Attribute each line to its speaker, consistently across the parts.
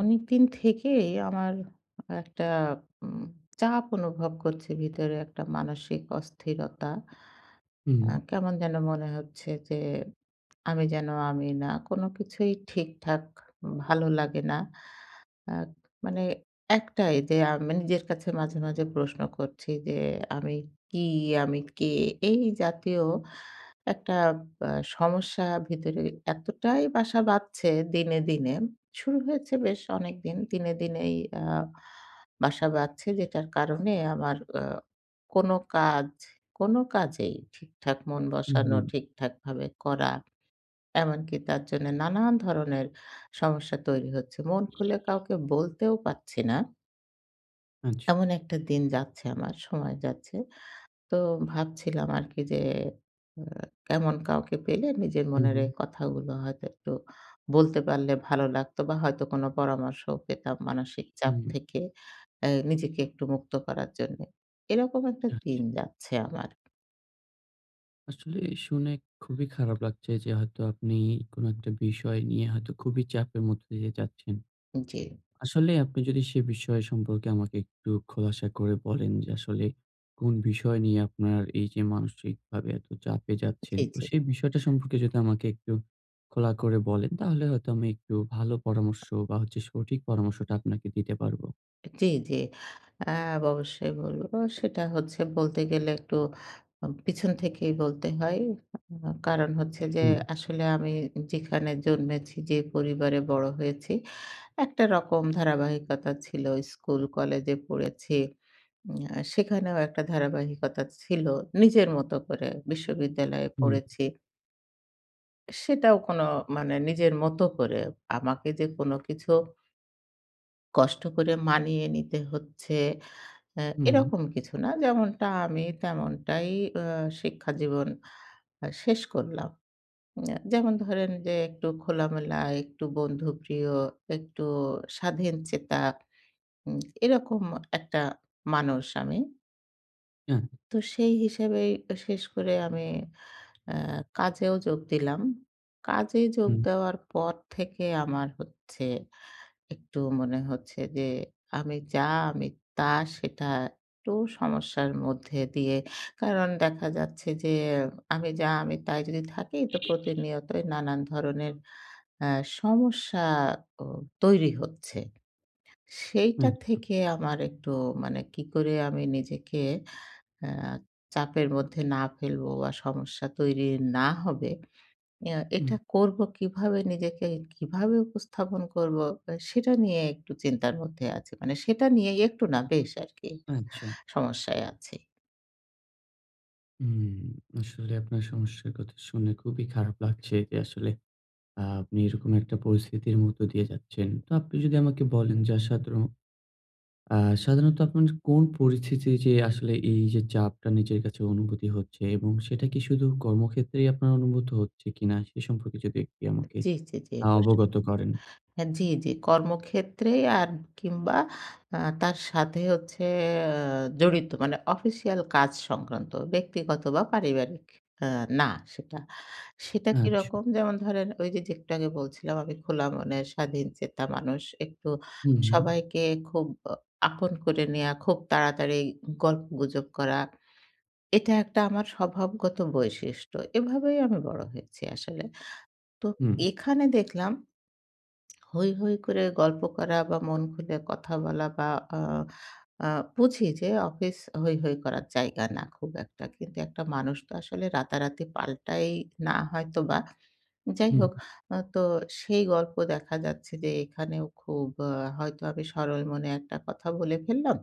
Speaker 1: অনেকদিন থেকেই আমার একটা উম চাপ অনুভব করছে ভিতরে একটা মানসিক অস্থিরতা।
Speaker 2: হুম।
Speaker 1: আ কেমন যেন মনে হচ্ছে যে আমি যেন আমি না। কোন কিছুই ঠিকঠাক ভালো লাগে না। আ মানে একটাই যে আ মানে নিজের কাছে মাঝে, মাঝে প্রশ্ন করছি যে আমি কি? আমি কে? এই জাতীয় একটা আ সমস্যা ভিতরে এতটাই বাসা বাঁধছে দিনে, দিনে শুরু হয়েছে বেশ অনেকদিন। দিনে দিনেই অ্যা বাসা বাঁধছে যেটার কারণে আমার অ্যা কোন কাজ কোন কাজেই ঠিকঠাক মন
Speaker 2: হুম,
Speaker 1: বসানো
Speaker 2: হুম।
Speaker 1: ঠিকঠাক ভাবে করা এমনকি তার জন্য নানান ধরনের সমস্যা তৈরি হচ্ছে। মন খুলে কাউকে বলতেও পারছি না।
Speaker 2: আচ্ছা।
Speaker 1: এমন একটা দিন যাচ্ছে আমার সময় যাচ্ছে। তো ভাবছিলাম আরকি যে এ এমন কাউকে পেলে নিজের
Speaker 2: হুম,
Speaker 1: মনের
Speaker 2: হুম।
Speaker 1: এ কথাগুলো হয়তো একটু বলতে পারলে ভালো লাগতো বা হয়তো কোন পরামর্শও পেতাম মানসিক চাপ
Speaker 2: হুম।
Speaker 1: থেকে অ্যা নিজেকে একটু মুক্ত করার জন্যে। এরকম একটা
Speaker 2: আচ্ছা।
Speaker 1: দিন যাচ্ছে আমার।
Speaker 2: আসলে শুনে খুবই খারাপ লাগছে, যে হয়তো আপনি কোন একটা বিষয় নিয়ে হয়তো খুবই চাপের মধ্যে দিয়ে যাচ্ছেন।
Speaker 1: জ্বী।
Speaker 2: আসলে আপনি যদি সেই বিষয় সম্পর্কে আমাকে একটু খোলাসা করে বলেন। যে আসলে কোন বিষয় নিয়ে আপনার এই যে মানসিকভাবে এত চাপে যাচ্ছেন?
Speaker 1: জ্বী,
Speaker 2: তো
Speaker 1: জ্বী।
Speaker 2: সেই বিষয়টা সম্পর্কে যদি আমাকে একটু খোলা করে বলেন। তাহলে হয়তো আমি একটু ভালো পরামর্শ বা হচ্ছে সঠিক পরামর্শটা আপনাকে দিতে পারবো।
Speaker 1: জ্বী, জ্বী। আ অবশ্যই বলব। সেটা হচ্ছে বলতে গেলে একটু উম পেছন থেকেই বলতে হয়। কারণ হচ্ছে যে
Speaker 2: হুম।
Speaker 1: আসলে আমি যেখানে জন্মেছি যে পরিবারে বড় হয়েছি। একটা রকম ধারাবাহিকতা ছিল স্কুল কলেজে পড়েছি। উম আ সেখানেও একটা ধারাবাহিকতা ছিল নিজের মতো করে বিশ্ববিদ্যালয়ে
Speaker 2: হুম।
Speaker 1: পড়েছি। সেটাও কোনো মানে নিজের মত করে আমাকে যে কোন কিছু কষ্ট করে মানিয়ে নিতে হচ্ছে, আ
Speaker 2: হুম।
Speaker 1: এরকম কিছু না। যেমনটা আমি তেমনটাই আ শিক্ষা জীবন আ শেষ করলাম। উম অ্যা যেমন ধরেন যে একটু খোলামেলা, একটু বন্ধুপ্রিয়, একটু স্বাধীন চেতা উম এরকম একটা মানুষ আমি।
Speaker 2: আ
Speaker 1: তো সেই হিসেবেই এ শেষ করে আমি আ কাজেও যোগ দিলাম। কাজে যোগ
Speaker 2: হুম।
Speaker 1: দেওয়ার পর থেকে আমার হচ্ছে, একটু মনে হচ্ছে যে, আমি যা আমি তা সেটা একটু সমস্যার মধ্যে দিয়ে। কারণ দেখা যাচ্ছে যে, আমি যা আমি তাই যদি থাকি, তো প্রতিনিয়তই নানান ধরনের আ সমস্যাও তৈরি হচ্ছে। সেইটা
Speaker 2: হু।
Speaker 1: থেকে আমার একটু মানে কি করে আমি নিজেকে আ চাপের মধ্যে না ফেলবো বা সমস্যা তৈরি না হবে। ইয়া
Speaker 2: হুম।
Speaker 1: এটা করব কিভাবে নিজেকে কিভাবে উপস্থাপন করব অ সেটা নিয়ে একটু চিন্তার মধ্যে আছি। মানে সেটা নিয়েই একটু না বেশ আরকি
Speaker 2: আচ্ছা।
Speaker 1: সমস্যায় আছি।
Speaker 2: হুম, আসলে আপনার সমস্যার কথা শুনে খুবই খারাপ লাগছে। যে আসলে আ আপনি এরকম একটা পরিস্থিতির মধ্য দিয়ে যাচ্ছেন। তো আপনি যদি
Speaker 1: এ
Speaker 2: আমাকে বলেন যে আ সাতরো আ সাধারণত আপনার কোন পরিস্থিতি যে আসলে এই যে, চাপটা নিজের কাছে অনুভূতি হচ্ছে এবং সেটা কি শুধু কর্মক্ষেত্রেই আপনার অনুভূত হচ্ছে কিনা? সে সম্পর্কে যদি একটু আমাকে
Speaker 1: জ্বী, জ্বী, জ্বী,
Speaker 2: আ
Speaker 1: অবশ্যই।
Speaker 2: অবগত করেন।
Speaker 1: হ্যাঁ, জ্বী, জ্বী, কর্মক্ষেত্রেই আর কিংবা আ তার সাথে হচ্ছে আ জড়িত মানে অফিসিয়াল কাজ সংক্রান্ত। ব্যক্তিগত বা পারিবারিক আ না সেটা। সেটা
Speaker 2: আচ্ছা।
Speaker 1: কিরকম? যেমন ধরেন ঐযে, যে একটু আগে বলছিলাম, আমি খোলা মনের স্বাধীনচেতা মানুষ। একটু
Speaker 2: হুম।
Speaker 1: সবাইকে খুব আ আপন করে নেয়া খুব তাড়াতাড়ি গল্প গুজব করা। এটা একটা আমার স্বভাবগত বৈশিষ্ট্য, এভাবেই আমি বড় হয়েছি আসলে। তো
Speaker 2: হুম।
Speaker 1: এখানে দেখলাম হৈ, হৈ করে গল্প করা বা মন খুলে কথা বলা বা আ আ বুঝি যে অফিস হৈ, হৈ করার জায়গা না খুব একটা। কিন্তু একটা মানুষ তো আসলে রাতারাতি পাল্টায় না হয়তোবা। যাই
Speaker 2: হুম।
Speaker 1: হোক আ তো সেই গল্প দেখা যাচ্ছে যে, এখানেও খুব আ হয়তো আমি সরল মনে একটা কথা বলে ফেললাম।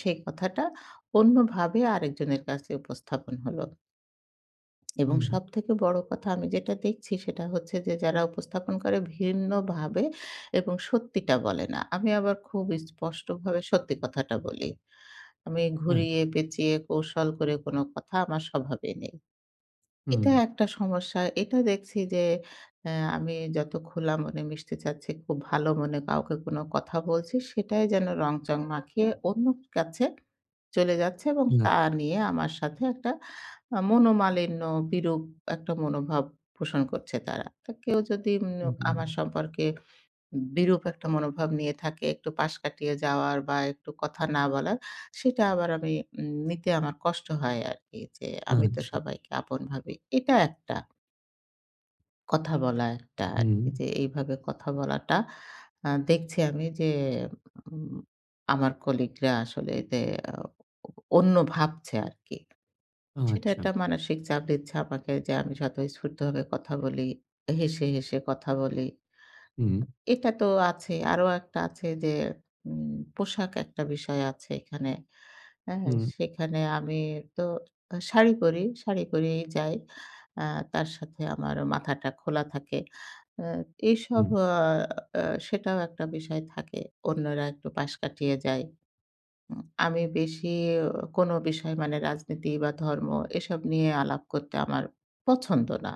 Speaker 1: সে কথাটা অন্যভাবে আরেকজনের কাছে উপস্থাপন হল। এবং
Speaker 2: হুম।
Speaker 1: সবথেকে বড় কথা আমি যেটা দেখছি, সেটা হচ্ছে যে, যারা উপস্থাপন করে ভিন্নভাবে এবং সত্যিটা বলে না। আমি আবার খুব স্পষ্টভাবে সত্যি কথাটা বলি। আমি
Speaker 2: আচ্ছা।
Speaker 1: ঘুরিয়ে-পেঁচিয়ে কৌশল করে কোন কথা আমার স্বভাবে নেই। এটা
Speaker 2: হুম।
Speaker 1: একটা সমস্যা; এটা দেখছি যে, অ্যা আমি যত খোলা মনে মিশতে চাচ্ছি, খুব ভালো মনে কাউকে কোন কথা বলছি, সেটাই যেন রংচং মাখিয়ে অন্যর কাছে চলে যাচ্ছে এবং তা
Speaker 2: আচ্ছা।
Speaker 1: নিয়ে আমার সাথে একটা আ মনোমালিন্য, বিরূপ একটা মনোভাব পোষণ করছে তারা। কেউ যদি উম আমার
Speaker 2: হুম।
Speaker 1: সম্পর্কে বিরূপ একটা মনোভাব নিয়ে থাকে, একটু পাশ কাটিয়ে যাওয়ার বা একটু কথা না বলার, সেটা আবার আমি উম নিতে আমার কষ্ট হয় আরকি। যে, আমি তো
Speaker 2: আচ্ছা।
Speaker 1: সবাইকে আপন ভাবি। এটা একটা। কথা বলা একটা।
Speaker 2: হুম।
Speaker 1: যে এইভাবে কথা বলাটা আ দেখছি আমি যে, উম আমার কলিগরা আসলে যে অ অন্য ভাবছে আরকি। সেটা
Speaker 2: আচ্ছা।
Speaker 1: একটা মানসিক চাপ দিচ্ছে আমাকে যে, আমি যত স্ফূর্তভাবে কথা বলি, হেসে, হেসে কথা বলি।
Speaker 2: হুম।
Speaker 1: এটা তো আছে। আরো একটা আছে যে, উম পোশাক একটা বিষয় আছে এখানে। আ
Speaker 2: হুম।
Speaker 1: সেখানে আমি তো আ শাড়ি পরি, শাড়ি পরেই যাই। আ তার সাথে আমার মাথাটা খোলা থাকে। আ এসব
Speaker 2: হুম।
Speaker 1: আ আ সেটাও একটা বিষয় থাকে; অন্যরা একটু পাশ কাটিয়ে যায়। উম আমি বেশি কোন বিষয় মানে রাজনীতি বা ধর্ম, এসব নিয়ে আলাপ করতে আমার পছন্দ না।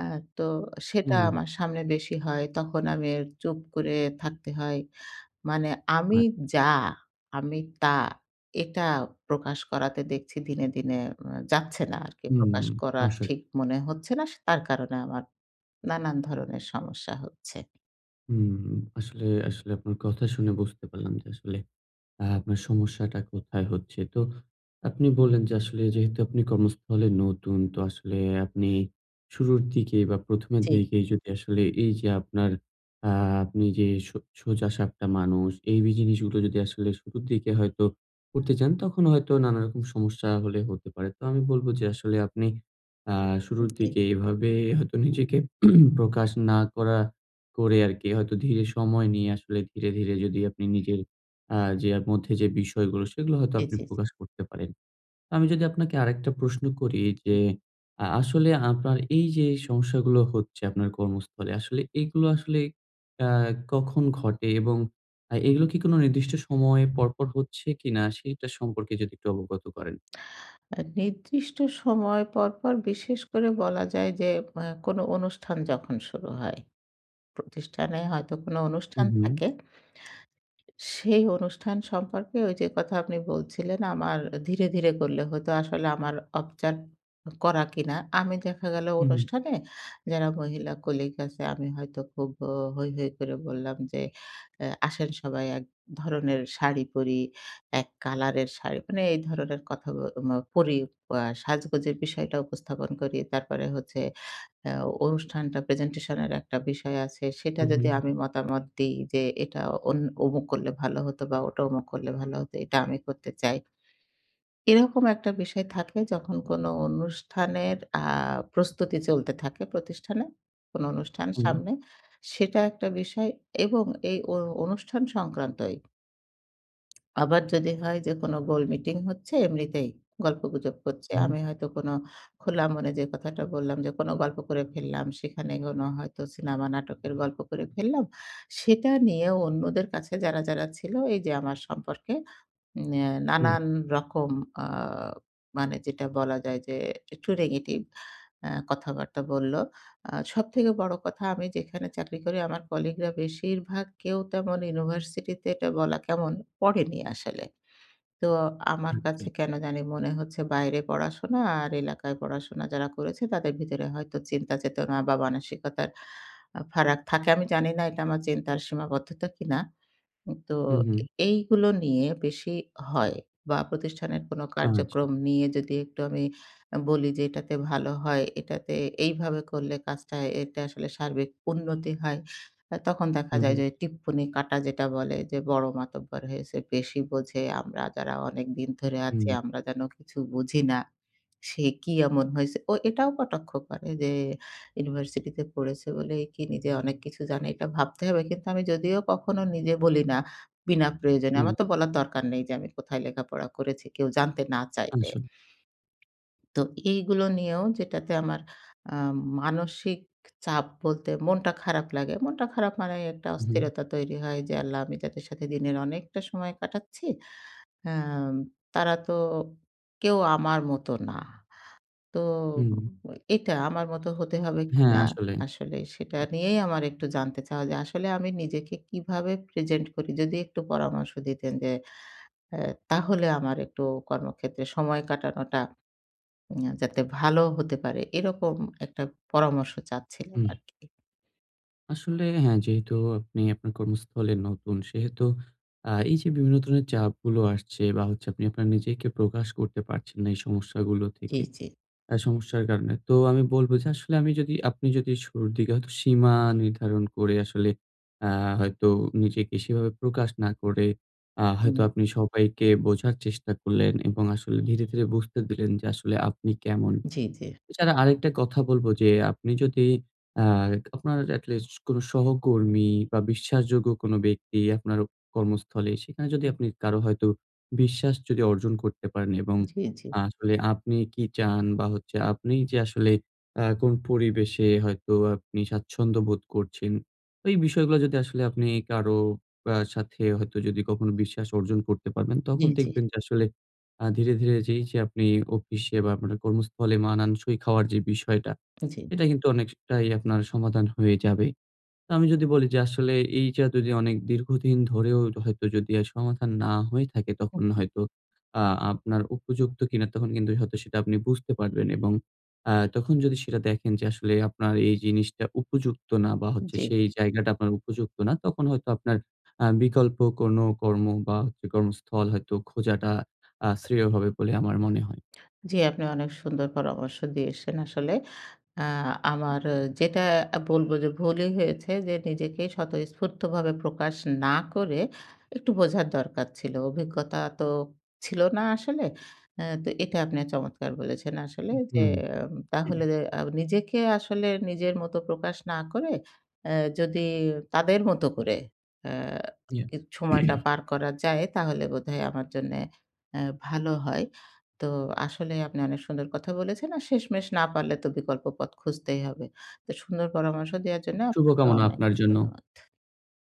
Speaker 1: আ তো সেটা
Speaker 2: হুম।
Speaker 1: আমার সামনে বেশি হয়। তখন আমি চুপ করে থাকতে হয়। মানে আমি
Speaker 2: আচ্ছা।
Speaker 1: যা, আমি তা, এটা প্রকাশ করাতে দেখছি দিনে, দিনে উ যাচ্ছে না আরকি;
Speaker 2: হুম,
Speaker 1: প্রকাশ করার
Speaker 2: আসলে।
Speaker 1: ঠিক মনে হচ্ছে না। তার কারণে আমার নানান ধরনের সমস্যা হচ্ছে।
Speaker 2: হুম, আসলে আসলে আপনার কথা শুনে বুঝতে পারলাম যে আসলে আ আপনার সমস্যাটা কোথায় হচ্ছে। তো আপনি বললেন যে, আসলে যেহেতু আপনি কর্মস্থলে নতুন, তো আসলে আপনি শুরুর দিকে বা প্রথমের
Speaker 1: জ্বী।
Speaker 2: দিকে যদি আসলে এই যে আপনার আ আপনি যে সো সোজাসাপটা মানুষ, এই বি জিনিসগুলা যদি আসলে শুরুর দিকে হয়তো করতে চান, তখন হয়তো নানা রকম সমস্যা হলে হতে পারে। তো আমি বলবো যে, আসলে আপনি আ
Speaker 1: উম
Speaker 2: শুরুর
Speaker 1: জ্বী।
Speaker 2: দিকে এভাবে হয়তো নিজেকে প্রকাশ না করা করে আরকি হয়তো ধীরে সময় নিয়ে আসলে ধীরে, ধীরে যদি আপনি নিজের আ যে এর মধ্যে যে বিষয়গুলো, সেগুলো হয়তো
Speaker 1: জ্বী,
Speaker 2: আপনি
Speaker 1: জ্বী, জ্বী।
Speaker 2: প্রকাশ করতে পারেন। আমি যদি আপনাকে আরেকটা প্রশ্ন করি, যে
Speaker 1: উ
Speaker 2: আ আসলে আপনার এই যে সমস্যাগুলো হচ্ছে আপনার কর্মস্থলে, আসলে এগুলো আসলে আ কখন ঘটে এবং আ এগুলো কি কোনো নির্দিষ্ট সময় পরপর হচ্ছে কিনা, সেটার সম্পর্কে যদি একটু অবগত করেন?
Speaker 1: আ নির্দিষ্ট সময় পর, পর বিশেষ করে বলা যায় যে এ কোন অনুষ্ঠান যখন শুরু হয়। প্রতিষ্ঠানে হয়তো কোন
Speaker 2: হু,
Speaker 1: অনুষ্ঠান
Speaker 2: হু।
Speaker 1: থাকে, সেই অনুষ্ঠান সম্পর্কে ওই যে কথা আপনি বলছিলেন, আমার ধীরে, ধীরে করলে হতো। আসলে আমার [unintelligible] করা কিনা। আমি দেখা গেল
Speaker 2: হু, হু।
Speaker 1: অনুষ্ঠানে যারা মহিলা কলিগ আছে, আমি হয়তো খুব অ হৈ, হৈ করে বললাম যে এ "আসেন সবাই এক ধরনের শাড়ি পড়ি, এক কালার এর শাড়ি," মানে এই ধরনের কথা ব ম পড়ি আ সাজগোজের বিষয়টা উপস্থাপন করি। তারপরে হচ্ছে আ অনুষ্ঠানটা প্রেজেন্টেশন এর একটা বিষয় আছে, সেটা
Speaker 2: হু,
Speaker 1: যদি
Speaker 2: হু।
Speaker 1: আমি মতামত দিই যে, "এটা অন অমুক করলে ভালো হতো বা ওটা অমুক করলে ভালো হতো, এটা আমি করতে চাই।" এরকম একটা বিষয় থাকে যখন কোন অনুষ্ঠানের আ প্রস্তুতি চলতে থাকে প্রতিষ্ঠানে। কোন অনুষ্ঠান
Speaker 2: হুম।
Speaker 1: সামনে, সেটা একটা বিষয় এবং এই অ অনুষ্ঠান সংক্রান্তই আবার যদি হয় যে কোন গোল মিটিং হচ্ছে, এমনিতেই গল্পগুজব করছে।
Speaker 2: হু।
Speaker 1: আমি হয়তো কোন খোলা মনে যে কথাটা বললাম, যে কোন গল্প করে ফেললাম, সেখানে কোনো হয়তো সিনেমা নাটকের গল্প করে ফেললাম। সেটা নিয়ে অন্যদের কাছে যারা, যারা ছিল এই যে আমার সম্পর্কে উম ন্যা
Speaker 2: হুম।
Speaker 1: নানান রকম আ মানে যেটা বলা যায় যে একটু নেগেটিভ আ কথাবার্তা বললো। আ সবথেকে বড় কথা, আমি যেখানে চাকরি করি, আমার কলিগরা বেশিরভাগ কেউ তেমন ইউনিভার্সিটিতে এটা বলা কেমন? পড়েনি আসলে। তো আমার কাছে
Speaker 2: আচ্ছা।
Speaker 1: কেন জানি মনে হচ্ছে বাইরে পড়াশোনা আর এলাকায় পড়াশোনা যারা করেছে তাদের ভিতরে হয়তো চিন্তা চেতনা বা মানসিকতার আ ফারাক থাকে। আমি জানি না এটা আমার চিন্তার সীমাবদ্ধতা কিনা। উম তো
Speaker 2: হু, হু।
Speaker 1: এ এইগুলো নিয়ে বেশি হয় বা প্রতিষ্ঠানের কোন
Speaker 2: আচ্ছা।
Speaker 1: কার্যক্রম নিয়ে যদি একটু আমি আ বলি যে, "এটাতে ভালো হয়, এটাতে এইভাবে করলে কাজটা এটা আসলে সার্বিক উন্নতি হয়।" আ তখন দেখা
Speaker 2: হু,
Speaker 1: যায়
Speaker 2: হু।
Speaker 1: যে টিপ্পনি কাটা যেটা বলে, "যে বড় মাতব্বর হয়েছে, বেশি বোঝে। আমরা যারা অনেকদিন ধরে আছি,
Speaker 2: হু।
Speaker 1: আমরা যেন কিছু বুঝি না। সে কি এমন হয়েছে?" ও এটাও কটাক্ষ করে যে "ইউনিভার্সিটিতে পড়েছে বলে কি নিজে অনেক কিছু জানে, এটা ভাবতে হবে।" কিন্তু আমি যদিও কখনো নিজে বলি না বিনা প্রয়োজনে।
Speaker 2: হুম
Speaker 1: আমার তো বলার দরকার নেই যে আমি কোথায় লেখাপড়া করেছি কেউ জানতে না চাইলে।
Speaker 2: আসল।
Speaker 1: তো, এইগুলো নিয়েও যেটাতে আমার আ মানসিক চাপ বলতে মনটা খারাপ লাগে। মনটা খারাপ মানে একটা
Speaker 2: হু, হুম।
Speaker 1: অস্থিরতা তৈরি হয় যে, "আল্লাহ! আমি যাদের সাথে দিনের অনেকটা সময় কাটাচ্ছি। আ তারা তো কেউ আমার মতো না।" তো
Speaker 2: হুম।
Speaker 1: এটা আমার মতো হতে হবে
Speaker 2: হ্যাঁ,
Speaker 1: কিনা
Speaker 2: আসলে।
Speaker 1: আসলে সেটা নিয়েই আমার একটু জানতে চাওয়া। যে আসলে আমি নিজেকে কিভাবে প্রেজেন্ট করি? যদি একটু পরামর্শ দিতেন যে এ তাহলে আমার একটু কর্মক্ষেত্রে সময় কাটানোটা উম ইয়া যাতে ভালো হতে পারে। এরকম একটা পরামর্শ চাচ্ছিলাম
Speaker 2: হু।
Speaker 1: আরকি।
Speaker 2: আসলে হ্যাঁ, যেহেতু আপনি আপনার কর্মস্থলে নতুন, সেহেতু আ এই যে বিভিন্ন ধরনের চাপগুলো আসছে বা হচ্ছে, আপনি আপনার নিজেকে প্রকাশ করতে পারছেন না, এই সমস্যাগুলো
Speaker 1: জি,
Speaker 2: থেকে।
Speaker 1: জি।
Speaker 2: আ সমস্যার কারণে তো আমি বলবো যে, আসলে আমি যদি, আপনি যদি শুরুর দিকে হয়তো সীমা নির্ধারণ করে, আসলে আ হয়তো নিজেকে সেভাবে প্রকাশ না করে, আ হয়তো
Speaker 1: উ
Speaker 2: আপনি সবাইকে বোঝার চেষ্টা করলেন, এবং আসলে ধীরে, ধীরে বুঝতে দিলেন যে আসলে আপনি কেমন?
Speaker 1: জি, জি।
Speaker 2: এছাড়া আরেকটা কথা বলবো যে, আপনি যদি আ আপনার at least কোন সহকর্মী বা বিশ্বাসযোগ্য কোন ব্যক্তি, আপনার কর্মস্থলে, সেখানে যদি
Speaker 1: হুম।
Speaker 2: আপনি কারো হয়তো বিশ্বাস যদি অর্জন করতে পারেন। এবং
Speaker 1: জি, জি।
Speaker 2: আসলে আপনি কী চান? বা হচ্ছে আপনিই যে আসলে আ কোন পরিবেশে হয়তো আপনি স্বাচ্ছন্দ্য বোধ করছেন। এই বিষয়গুলো যদি আসলে আপনি কারো আ সাথে হয়তো যদি কখনো বিশ্বাস অর্জন করতে পারবেন,
Speaker 1: জি,
Speaker 2: তখন
Speaker 1: জি।
Speaker 2: দেখবেন যে আসলে আ ধীরে, ধীরে যে এই যে আপনি office এ বা আপনার কর্মস্থলে মানানসই খাওয়ার যে বিষয়টা,
Speaker 1: জি।
Speaker 2: এটা কিন্তু অনেকটাই আপনার সমাধান হয়ে যাবে। তো, আমি যদি বলি যে আসলে এই যে, এতদিন অনেক দীর্ঘদিন ধরেও হয়তো যদি সমাধান না হয়ে থাকে,
Speaker 1: হুম,
Speaker 2: তখন
Speaker 1: হুম।
Speaker 2: হয়তো আ আপনার উপযুক্ত কী না, তখন কিন্তু হয়তো সেটা আপনি বুঝতে পারবেন এবং আ তখন যদি সেটা দেখেন যে, আসলে আপনার এই জিনিসটা উপযুক্ত না, বা হচ্ছে,
Speaker 1: জি।
Speaker 2: সেই জায়গাটা আপনার উপযুক্ত না, তখন হয়তো আপনার আ বিকল্প কোনো কর্ম বা হচ্ছে কর্মস্থল হয়তো খোঁজাটা আ শ্রেয় হবে বলে আমার মনে হয়।
Speaker 1: জি, আপনি অনেক সুন্দর পরামর্শ দিয়েছেন আসলে। এ্যা আমার যেটা এ্যা বলবো যে, ভুলই হয়েছে যে নিজেকেই স্বতঃস্ফূর্তভাবে প্রকাশ না করে, একটু বোঝার দরকার ছিলো। অভিজ্ঞতা তো ছিল না আসলে। এ্যা তো এটা আপনি চমৎকার বলেছেন আসলে
Speaker 2: উহ
Speaker 1: যে,
Speaker 2: হুম।
Speaker 1: এ্যাম তাহলে আ নিজেকে আসলে নিজের মত প্রকাশ না করে, অ্যা যদি তাদের মতো করে এ্যা
Speaker 2: yeah।
Speaker 1: কিছু সময়টা পার করা যায়, তাহলে বোধহয় আমার জন্যে অ্যা ভালো হয়। তো, আসলে আপনি অনেক সুন্দর কথা বলেছেন। আর শেষমেশ না পারলে তো বিকল্প পথ খুঁজতেই হবে। তো, সুন্দর পরামর্শ দেওয়ার জন্য আপনাকে
Speaker 2: শুভকামনা,
Speaker 1: অনেক
Speaker 2: আপনার জন্য।
Speaker 1: ধন্যবাদ।